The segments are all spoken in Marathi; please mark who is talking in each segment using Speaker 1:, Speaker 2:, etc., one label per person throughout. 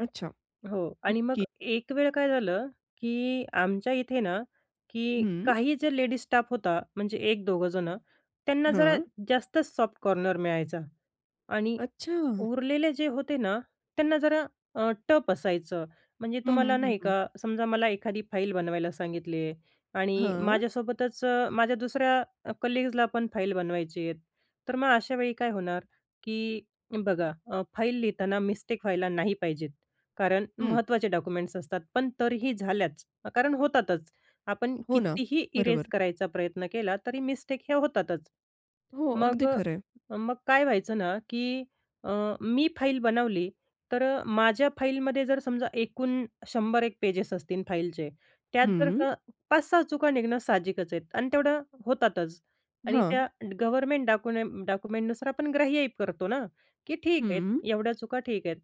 Speaker 1: अच्छा,
Speaker 2: हो आणि मग
Speaker 1: ओके.
Speaker 2: एक वेळ काय झालं की आमच्या इथे ना की
Speaker 1: हं.
Speaker 2: काही जे लेडीज स्टाफ होता म्हणजे 1-2 जणं, त्यांना जरा
Speaker 1: हां.
Speaker 2: जास्तच सॉफ्ट कॉर्नर मिळायचा आणि
Speaker 1: अच्छा.
Speaker 2: उरलेले जे होते ना, त्यांना जरा अ, टफ असायचं म्हणजे
Speaker 1: हं,
Speaker 2: तुम्हाला
Speaker 1: हं, हं,
Speaker 2: नाही
Speaker 1: हं.
Speaker 2: का, समजा मला एखादी फाईल बनवायला सांगितली आहे आणि
Speaker 1: हं.
Speaker 2: माझ्यासोबतच अ, माझ्या दुसऱ्या अ, कलीग्जला पण फाईल बनवायचे आहेत, तर मग अशावेळी काय होणार की बघा अ, फाईल लिहिताना मिस्टेक व्हायला नाही पाहिजेत, कारण
Speaker 1: हं.
Speaker 2: महत्त्वाचे डॉक्युमेंट्स असतात, पण तरीही झाल्याच, कारण होतातच. आपण
Speaker 1: हो, ना.
Speaker 2: कितीही इरेज
Speaker 1: बरोबर.
Speaker 2: करायचा प्रयत्न केला तरी मिस्टेक हे होतातच.
Speaker 1: हो.
Speaker 2: मग
Speaker 1: अगदी खरंय.
Speaker 2: अ, मग काय व्हायचं ना की अ, मी फाईल बनवली, तर अ, माझ्या फाईलमध्ये जर समजा एकूण 100 एक पेजेस असतील फाईलचे त्यात जर
Speaker 1: हं.
Speaker 2: का 5-6 चुका निघणं साहजिकच आहेत आणि तेवढं होतातच आणि त्या
Speaker 1: हां.
Speaker 2: गव्हर्नमेंट डाकूनेम डाक्युमेंटनुसार आपण ग्राह्य ही करतो ना की ठीक आहे,
Speaker 1: हं.
Speaker 2: एवढ्या चुका ठीक आहेत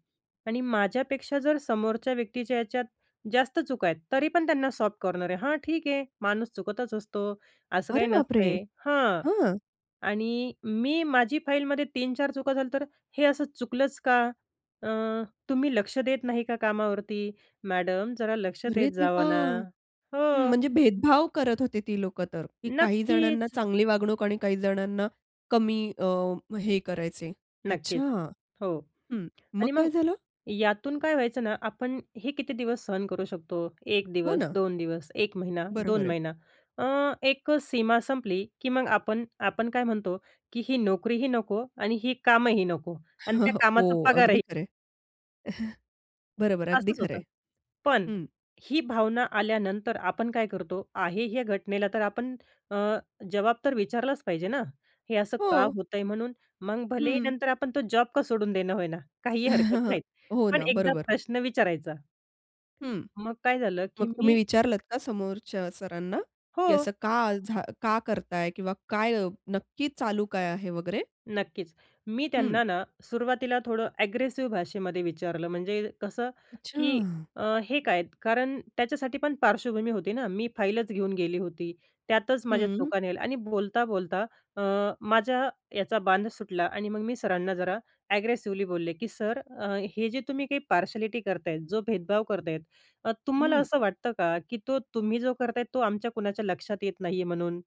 Speaker 2: आणि माझ्यापेक्षा जर समोरच्या व्यक्तीच्या याच्यात जास्त चुका आहेत, तरी पण त्यांना सॉफ्ट कॉर्नर आहे. "हां, ठीक आहे माणूस चुकतच असतो, असं काही
Speaker 1: अरे बापरे!
Speaker 2: नसतंय" हां,
Speaker 1: हं.
Speaker 2: आणि मी माझी फाईलमध्ये 3-4 चुका झाल्या तर "हे असं चुकलंच का? अ, तुम्ही लक्ष देत नाही का कामावरती? मॅडम जरा लक्ष
Speaker 1: अरे
Speaker 2: देत
Speaker 1: देवा!
Speaker 2: जावा ना"
Speaker 1: हं
Speaker 2: हो.
Speaker 1: म्हणजे भेदभाव करत होते ती लोकं तर, काही जणांना
Speaker 2: नक्कीच
Speaker 1: चांगली वागणूक आणि काही जणांना कमी अ, हे करायचे. अच्छा.
Speaker 2: नक्कीच हो
Speaker 1: हं, मग
Speaker 2: आणि मग
Speaker 1: काय झालं?
Speaker 2: यातून काय व्हायचं ना, आपण हे किती दिवस सहन करू शकतो? 1
Speaker 1: हो
Speaker 2: दिवस,
Speaker 1: ना?
Speaker 2: 2 दिवस, एक महिना,
Speaker 1: बरं
Speaker 2: दोन
Speaker 1: बरं.
Speaker 2: महिना अ, एक सीमा संपली की मग आपण आपण काय म्हणतो की ही नोकरीही नको आणि ही कामंही नको आणि त्या कामाचा
Speaker 1: हो. अगदी
Speaker 2: पगारही
Speaker 1: खरंय. बरोबर. अगदी
Speaker 2: असंच होतं.
Speaker 1: खरंय.
Speaker 2: पण
Speaker 1: हं.
Speaker 2: ही भावना आल्यानंतर आपण काय करतो? आहे ह्या घटनेला तर आपण अ, जवाब तर विचारलाच पाहिजे ना? हे असं का
Speaker 1: हो.
Speaker 2: होतंय म्हणून? मग भलेही
Speaker 1: हं.
Speaker 2: नंतर आपण तो जॉब का सोडून देईना होय ना, काहीही हरकत नाही.
Speaker 1: हो
Speaker 2: पण
Speaker 1: ना
Speaker 2: एकदा
Speaker 1: बरोबर.
Speaker 2: प्रश्न विचारायचा.
Speaker 1: हं.
Speaker 2: मग काय झालं,
Speaker 1: मग
Speaker 2: की
Speaker 1: तुम्ही
Speaker 2: मी
Speaker 1: विचारलत का समोरच्या सरांना की
Speaker 2: हो.
Speaker 1: "असं का झा का करताय? किंवा काय नक्की चालू काय आहे वगैरे?"
Speaker 2: नक्कीच. मी
Speaker 1: हं.
Speaker 2: त्यांना ना सुरवातीला थोडं ॲग्रेसिव्ह भाषेमध्ये विचारलं, म्हणजे कसं की
Speaker 1: अच्छा.
Speaker 2: अ, हे काय? कारण त्याच्यासाठी पण पार्श्वभूमी होती ना, मी फाईलच घेऊन गेली होती, त्यातच माझ्या
Speaker 1: हं.
Speaker 2: चुका निघाल्या आणि बोलता-बोलता अ, माझ्या याचा बांध सुटला आणि मग मी सरांना जरा ॲग्रेसिवली बोलले की "सर अ, हे जे तुम्ही काही पार्शलिटी करताय, जो भेदभाव करताय अ, तुम्हाला
Speaker 1: हं.
Speaker 2: असं वाटतं का की तो तुम्ही जो करताय, तो आमच्या कुणाच्या लक्षात येत नाही आहे म्हणून?"